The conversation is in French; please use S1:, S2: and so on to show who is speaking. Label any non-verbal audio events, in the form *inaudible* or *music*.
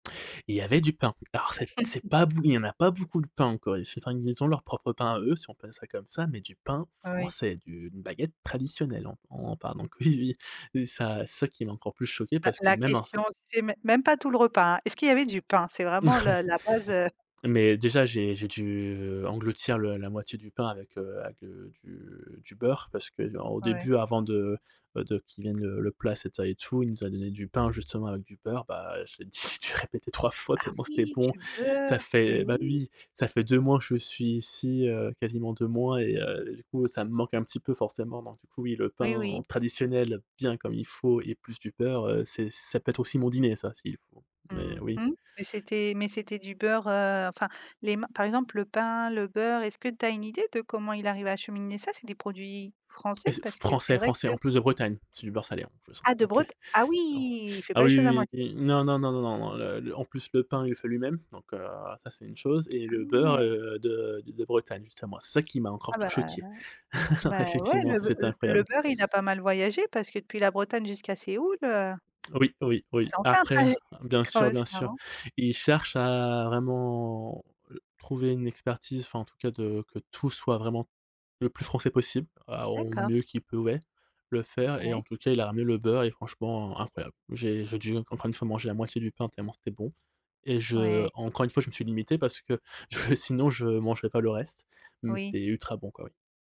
S1: Et il y avait du pain. Alors, c'est p c'est pas bou
S2: *chuckles*
S1: il y en pas beaucoup de pain en Corée du Sud. Enfin, ils ont leur propre pain à eux, si on pelle ça comme ça, mais du pain
S2: Ah, oui.
S1: français, d'une baguette traditionnelle, hein, on parle donc oui oui, et ça c'est ça qui m'a encore plus choqué
S2: Bah,
S1: parce que
S2: la
S1: même un s
S2: question, c'est mê même pas tout le repas. Est-ce qu'il y avait du pain? C'est vraiment
S1: Oui.
S2: le la base, heu
S1: Mais déjà j'ai j'ai dû, heu, engloutir le la moitié du pain avec, heu, avec le du du beurre parce qu'il y a au
S2: Ouais.
S1: début avant de, bah, de qu'il vienne le le plat, et cetera et tout, il nous a donné du pain justement avec du beurre, bah, j'ai dit dû répéter 3 fois
S2: Ah,
S1: tellement c'était
S2: oui,
S1: bon,
S2: du beurre,
S1: ça
S2: mais
S1: fait bah,
S2: oui!
S1: oui, ça fait 2 mois que je suis ici, heu, quasiment 2 mois et heu, et du coup ça me manque un petit peu forcément, donc du coup, oui, le
S2: Oui,
S1: pain
S2: oui.
S1: traditionnel bien comme il faut et plus du beurre, heu, c'est ça peut être aussi mon dîner ça si il faut, mais
S2: Mmh
S1: oui.
S2: mh, mais c'était mais c'était du beurre, heu, enfin, les ma par exemple le pain, le beurre, est-ce que tu as une idée de comment il arrive à acheminer ça? C'est des produits français?
S1: Et s f
S2: Parce que c'est
S1: français
S2: vrai
S1: français
S2: que
S1: en plus de Bretagne, c'est du beurre salé, hein, en plus, hein,
S2: Ah, de
S1: donc heu,
S2: Bret ah, oui,
S1: bon.
S2: il fait
S1: Ah,
S2: pas les
S1: oui,
S2: choses à
S1: oui,
S2: moitié!
S1: oui, oui. Non, non, non, non, non, non, le le en plus le pain il le fait lui-même, donc heu, ça c'est une chose et
S2: Ah,
S1: le beurre,
S2: ouais!
S1: heu, de de de Bretagne, justement, c'est ça qui m'a encore
S2: Ah,
S1: tout
S2: bah, aha
S1: choqué. *chuckles*
S2: bah, ouais,
S1: Effectivement,
S2: le beu
S1: c'était
S2: l le
S1: incroyable.
S2: beurre, il a pas mal voyagé, parce que depuis la Bretagne jusqu'à Séoul, heu
S1: Oui, oui, oui.
S2: ça en fait un
S1: Après
S2: trajet,
S1: bien
S2: quand
S1: sûr
S2: même,
S1: bien
S2: c'est
S1: sûr.
S2: marrant.
S1: Il cherche à vraiment, heu, trouver une expertise, enfin en tout cas de que tout soit vraiment le plus français possible, à au
S2: D'accord.
S1: mieux qu'il pouvait le faire et en
S2: Ouais.
S1: tout cas il a ramené le beurre et franchement incroyable. J'ai j'ai dû encore une fois manger la moitié du pain tellement c'était bon et je
S2: Ouais.
S1: encore une fois je me suis limité parce que, *chuckles* sinon je mangerais pas le reste, mais
S2: Oui.
S1: c'était ultra bon quoi, oui.